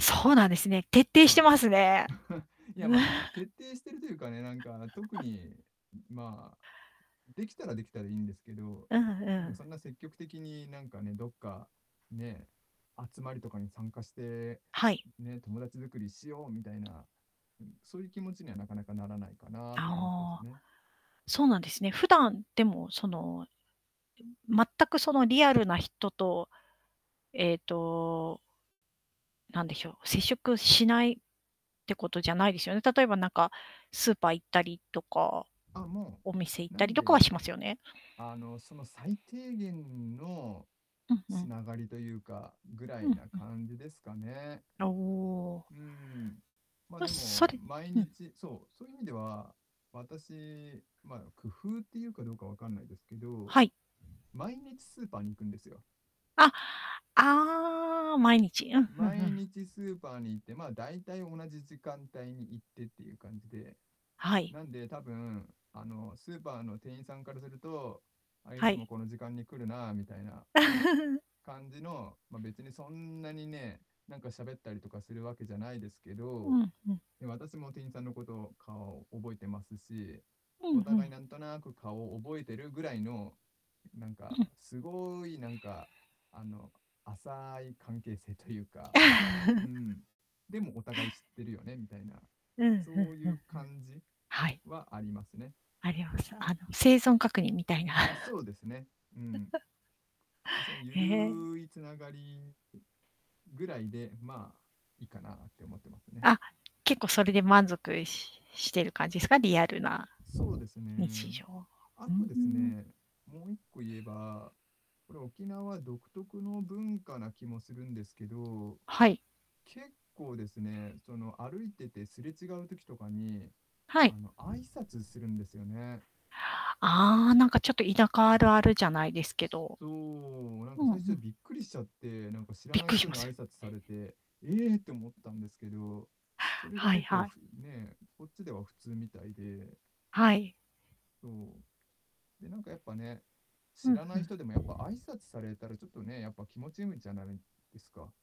そうなんですね、徹底しはてい。ますね。いや、まあ、徹底してるというかね、なんか特 にまあ、できたらできたでいいんですけど、うんなんかうん。そんな積極的になんかねどっか、ね、集まりとかに参加して、はい。うん、ね、友達作りしようみたいな、うん。そういう気持ちにはなかなかならないかなって感じですああ、ね。そうなんですね。普段でもその、でも、全くそのリアルな人と。えっとなんでひょう、接触しないってことじゃないですよね。例えばなんかスーパー行ったりとか、あ、もお店行っう、なたりんとかはで、しますよね？あの、その最低限のうんうつん。ながりというか、ぐらういんなうん。感じですかね。おお。うん。まあ、ま、でそもれ毎うん。日そう、そういう意味では、私、ま、工夫っていうかどうかわかんないですけど、はい。毎日スーパーに行くんですよ。あ、ああ、毎日、うん、ふんふ毎ん。日スーパーに行って、まあ、大体同じ時間帯に行ってっていう感じで、はい。なんで多分あの、スーパーの店員さんからすると「あ、いはつもい。この時間に来るな」みたいな、感じのまあ、別にそんなにね、なんか喋ったりとかするわけじゃないですけうど、ん、ふん。でも私も店員さんのことを顔を覚えてますし、うん、おふ互いん。なんとなく顔を覚えてるぐらいの、うなんうか、ん。すごいなんかあの、浅い関係性というああ。かう ん、でもお互い知ってるよねみたいな、うん、ふんそういふんうふん。感じはい。はありますね。あります。あの、生存確認みたいな。ん、そうですね、うん。うん、そいにゆへえ。るい繋がり、うぐらいで、まあ、いいかなって思ってますね。あ、結構それで満足ししてる感じすか？リアルなそうです日ね。常。あうーとですん。ね、もう一個言えば、これ沖縄独特の文化な気もするんですけど。はい。結構ですね、その、歩いててすれ違う時とかに、はい。あの、挨拶するんですよね。ああ、なんかちょっと田舎あるあるじゃないですけすど。そう、なんうかんう最初ん。びっくりしちゃって、なんか知らびっないくりし人まにす挨よね。拶されて、ええって思っうん。たんですけど、それがはい結構はい。ふね、こっちでは普通みたいで。はい。そう。で、なんかやっぱね、う知ん、らなふいん。人でもやっぱ挨拶されたらちょっとね、やっぱ気持ちむんじゃないですか。